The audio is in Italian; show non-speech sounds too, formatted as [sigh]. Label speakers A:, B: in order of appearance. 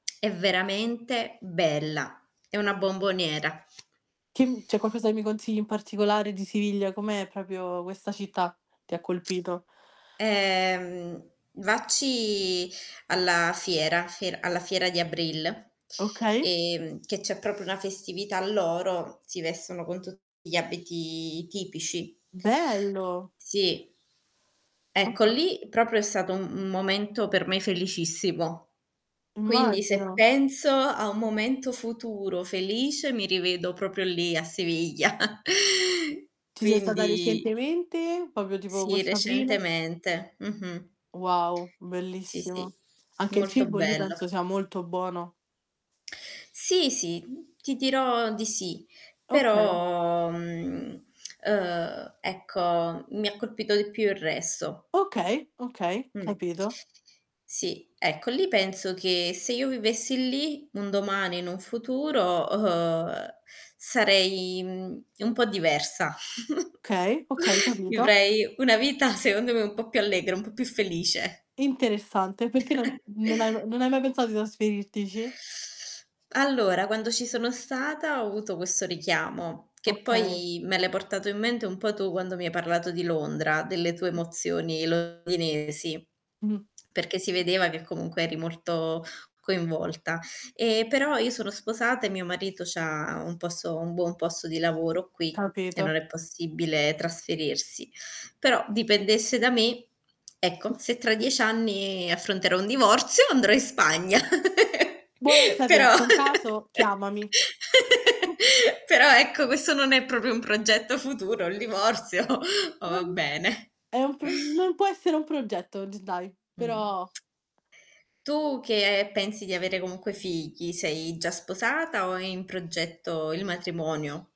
A: [smacks lips] È veramente bella, è una bomboniera.
B: [unintelligible] C'è qualcosa che mi consigli in particolare di Siviglia? Com'è proprio questa città? Ti ha colpito?
A: Ehm, vacci alla fiera fie alla fiera di Abril,
B: Okay.
A: ehm, che c'è proprio una festività loro, si vestono con tutti gli abiti tipici.
B: Bello.
A: Sì. Ecco,
B: [unintelligible]
A: lì, proprio è stato un un momento per me felicissimo, quindi se
B: Immagino.
A: penso a un momento futuro felice mi rivedo proprio lì, a Siviglia. [chuckles]
B: Ci sei stata
A: Quindi
B: recentemente? Proprio tipo
A: Sì,
B: questo aprile?
A: recentemente. Mh-mh.
B: Wow,
A: Sì, sì.
B: bellissima. Anche il
A: Molto
B: cibo lì
A: bello.
B: penso sia molto buono.
A: [smacks lips] Sì, sì. Ti dirò di sì,
B: Okay.
A: però mh, ehm, ecco, mi ha colpito di più il resto.
B: Okay, okay,
A: Mh.
B: capito.
A: Sì, ecco. Lì penso che, se io vivessi lì, un domani in un futuro, uhm, sarei, mhmm, un po' diversa. [giggles]
B: Okay, okay, capito.
A: Vivrei una vita secondo me un po' più allegra, un po' più felice.
B: Interessante, perché non
A: [chuckles]
B: non hai m non hai mai pensato di trasferirtici?
A: Allora, quando ci sono stata ho avuto questo richiamo, che
B: Okay.
A: poi me l'hai portato in mente un po' tu quando mi hai parlato di Londra, delle tue emozioni londinesi,
B: Mh.
A: perché si vedeva che comunque eri molto coinvolta. E però io sono sposata e mio marito c'ha un posto un buon posto di lavoro qui, e
B: Capito.
A: non è possibile trasferirsi. Però, dipendesse da me, ecco, se tra 10 anni affronterò un divorzio andrò in Spagna. [giggles]
B: Buono a
A: Però
B: sapersi,
A: [laughs]
B: in caso chiamami.
A: Però ecco, questo non è proprio un progetto futuro, il divorzio. Ma va
B: [unintelligible]
A: bene.
B: È un pro non può essere un progetto og dai,
A: Mh.
B: però
A: Tu che pensi di avere comunque figli, sei già sposata o è in progetto il matrimonio?